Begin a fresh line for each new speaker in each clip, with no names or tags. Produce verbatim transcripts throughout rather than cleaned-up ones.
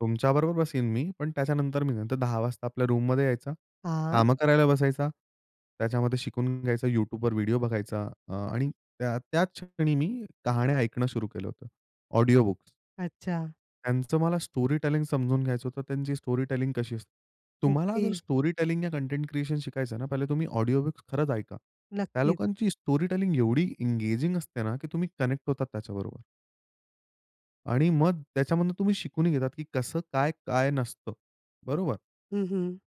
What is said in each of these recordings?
तुमच्याबरोबर बसेल मी पण त्याच्यानंतर मी नंतर दहा वाजता आपल्या रूममध्ये यायचं
हां.
कामं करायला बसायचं, त्याच्यामध्ये शिकून घ्यायचा YouTubeवर व्हिडिओ बघायचा अ, आणि त्याच क्षणी मी कहाण्या ऐकणं सुरू केलं होतं. ऑडिओबुक्स.
अच्छा.
त्यांचं मला स्टोरीटेलिंग समजून घ्यायचं होतं. त्यांची स्टोरीटेलिंग कशी असते. तुम्हाला
ओके.
जर स्टोरीटेलिंग या कंटेंट क्रिएशन शिकायचं ना, पहिले तुम्ही ऑडिओबुक्स खरंच ऐका. त्या
नक्कीच.
लोकांची स्टोरीटेलिंग एवढी एंगेजिंग असते ना, की तुम्ही कनेक्ट होतात त्याच्याबरोबर. आणि मग त्याच्यामधून तुम्ही शिकूनही घेतात, की कसं काय, काय नसतं बरोबर.
हं, हं.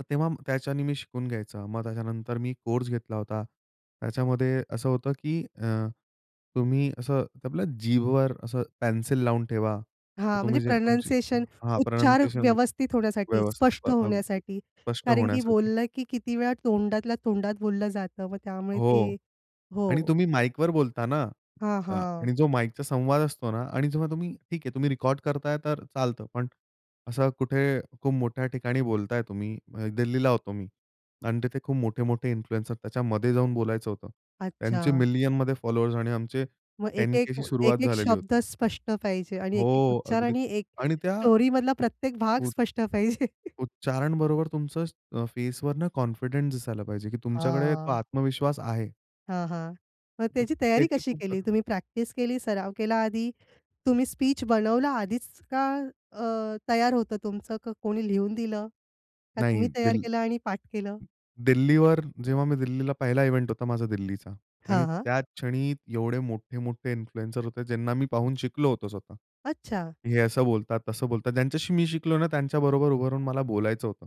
तर तेव्हा त्याच्यानी मी शिकून घ्यायचं मग त्याच्यानंतर मी कोर्स घेतला होता. त्याच्यामध्ये असं होतं, की अ, तुम्ही असं आपल्या जीभवर असं पेन्सिल लावून ठेवा. तर
हां म्हणजे
तुम्ही जे तुमची
प्रनंसीएशन
हां,
उच्चार
प्रोनन्सिएशन
व्यवस्थित होण्यासाठी
व्यवस्थित
स्पष्ट
अ, अगदी
होण्यासाठी
स्पष्ट
कारण
होण्यासाठी.
बोललं, की किती वेळा तोंडातल्या तोंडात बोललं जातं मग त्यामुळे ते
हो आणि
हो.
तुम्ही माइकवर बोलता ना
हां,
अ,
हां.
आणि जो माइकचा संवाद असतो ना आणि जेव्हा तुम्ही ठीक आहे तुम्ही रेकॉर्ड करताय तर चालतं पण असं कुठे खूप मोठ्या ठिकाणी बोलताय तुम्ही दिल्लीला होतो मी आणि तिथे खूप मोठे-मोठे इन्फ्लुएन्सर त्याच्यामध्ये जाऊन बोलायचं होतं. त्यांचे
अच्छा.
मिलियनमध्ये फॉलोअर्स आणि आमचे
मग
टेन
एक-एक,
के अशी सुरुवात
एक-एक
झालेली
शब्द
होती.
स्पष्ट पाहिजे आणि एक-एक
हो,
उच्चार
अगदी
आणि एक
आणि त्या
स्टोरीमधला प्रत्येक भाग
उ
स्पष्ट पाहिजे.
उच्चारण बरोबर तुमचं अ, फेसवर ना कॉन्फिडन्स दिसायला पाहिजे, की तुमच्याकडे तो
हां.
आत्मविश्वास आहे.
हां, हां. मग
तर
त्याची तयारी
त्याची
कशी
खूप
केली?
गर
तुम्ही प्रॅक्टिस केली, सराव केला आधी तुम्ही स्पीच बनवला आधीच का अ, तयार होतं तुमचं का कोणी लिहून दिलं? का
नाही
तुम्ही तयार
दिल्
केलं आणि पाठ केलं?
दिल्लीवर जेव्हा मी दिल्लीला पहिला इव्हेंट होता माझा दिल्लीचा आणि
हां, हां.
त्याच क्षणी एवढे मोठे-मोठे इन्फ्लुएन्सर होते ज्यांना मी पाहून शिकलो होतो स्वतः.
अच्छा.
हे असं बोलतात, तसं बोलतात. ज्यांच्याशी मी शिकलो ना, त्यांच्याबरोबर उभं राहून मला बोलायचं होतं.